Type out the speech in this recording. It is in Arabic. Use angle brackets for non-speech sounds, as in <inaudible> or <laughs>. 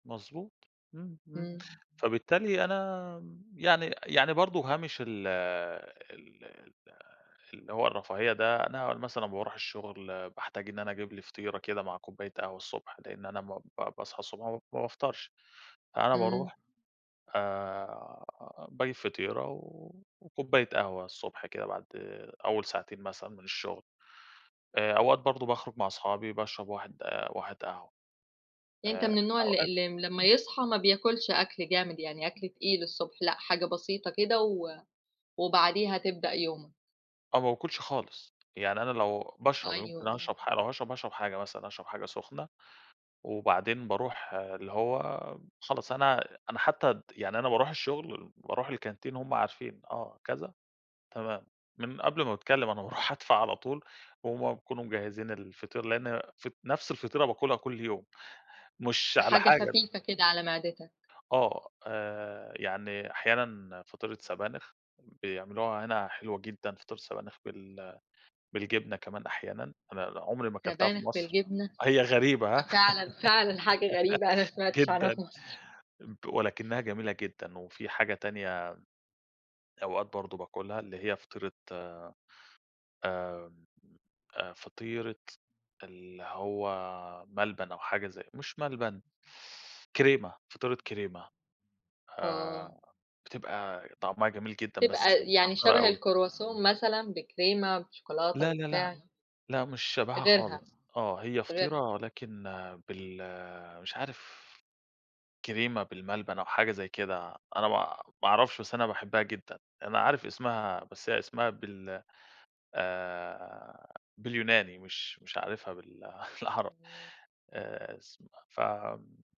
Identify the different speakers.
Speaker 1: مضبوط. إمم إمم،
Speaker 2: إمم.
Speaker 1: فبالتالي أنا يعني يعني برضو هامش ال ال ال اللي هو الرفاهية ده، أنا مثلًا لما باروح الشغل باحتاج إن أنا أجيب لي فطيرة كده مع كوباية قهوة الصبح؛ لأن أنا م ب باصحى الصبح ما ب ما بافطرش، أنا
Speaker 2: إمم.
Speaker 1: باروح آآ باجيب فطيرة وكوباية قهوة الصبح كده بعد أول ساعتين مثلًا من الشغل، آآ أوقات برضو باخرج مع صحابي باشرب واحد واحد قهوة.
Speaker 2: يعني أنت
Speaker 1: آآ
Speaker 2: من النوع اللي
Speaker 1: أوقات
Speaker 2: اللي لما يصحى ما بياكلش أكل جامد، يعني أكل تقيل الصبح لأ، حاجة بسيطة كده و وبعديها تبدأ يومك.
Speaker 1: أنا ما باكلش خالص، يعني أنا لو باشرب يعني
Speaker 2: أيوه،
Speaker 1: ممكن
Speaker 2: إمم.
Speaker 1: أشرب حا لو هاشرب هاشرب حاجة مثلًا، هاشرب حاجة سخنة وبعدين باروح اللي هو خلاص، أنا أنا حتى الد يعني أنا باروح الشغل وباروح الكانتين وهُم عارفين، آه، كذا تمام، من قبل ما باتكلم، أنا باروح أدفع على طول وهُم بيكونوا مجهزين الفطير؛ لأن ف نفْس الفطيرة باكلها كل يوم. مش على
Speaker 2: حاجة
Speaker 1: حاجة
Speaker 2: خفيفة كده على معدتك.
Speaker 1: آه، آآ يعني أحياناً فطيرة سبانخ، بيعملوها هنا حلوة جدًا فطيرة سبانخ بال بالجبنة كمان أحيانًا، أنا أنا عمري ما أكلتها في
Speaker 2: سبانخ
Speaker 1: مصر،
Speaker 2: بالجبنة!
Speaker 1: هي غريبة، ها؟
Speaker 2: فعلًا، فعلًا حاجة غريبة، أنا ما
Speaker 1: <laughs>
Speaker 2: سمعتش عنها في
Speaker 1: جدًا
Speaker 2: مصر.
Speaker 1: ولكنها جميلة جدًا. وفي حاجة تانية أوقات برضو باكلها اللي هي فطيرة آآ، آآ فطيرة اللي هو ملبن أو حاجة زي مش ملبن كريمة، فطيرة كريمة،
Speaker 2: آه.
Speaker 1: آآ بتبقى طعمها جميل جدًا بس
Speaker 2: بتبقى يعني
Speaker 1: مسكّرة
Speaker 2: شبه
Speaker 1: أوي.
Speaker 2: الCroissant مثلًا بكريمة، بشوكولاتة،
Speaker 1: لا لا لأ،
Speaker 2: ببتاع؟
Speaker 1: لأ مش شبهها
Speaker 2: غيرها
Speaker 1: خالص. آه، هي فطيرة
Speaker 2: غيرها.
Speaker 1: ولكن بال مش عارف، كريمة بالملبن أو حاجة زي كده، أنا ما ما أعرفش بس أنا باحبها جدًا. أنا عارف اسمها بس هي اسمها بال آآ باليوناني، مش مش عارفها بال بالعربي،
Speaker 2: إمم.
Speaker 1: آآ، اسمها ف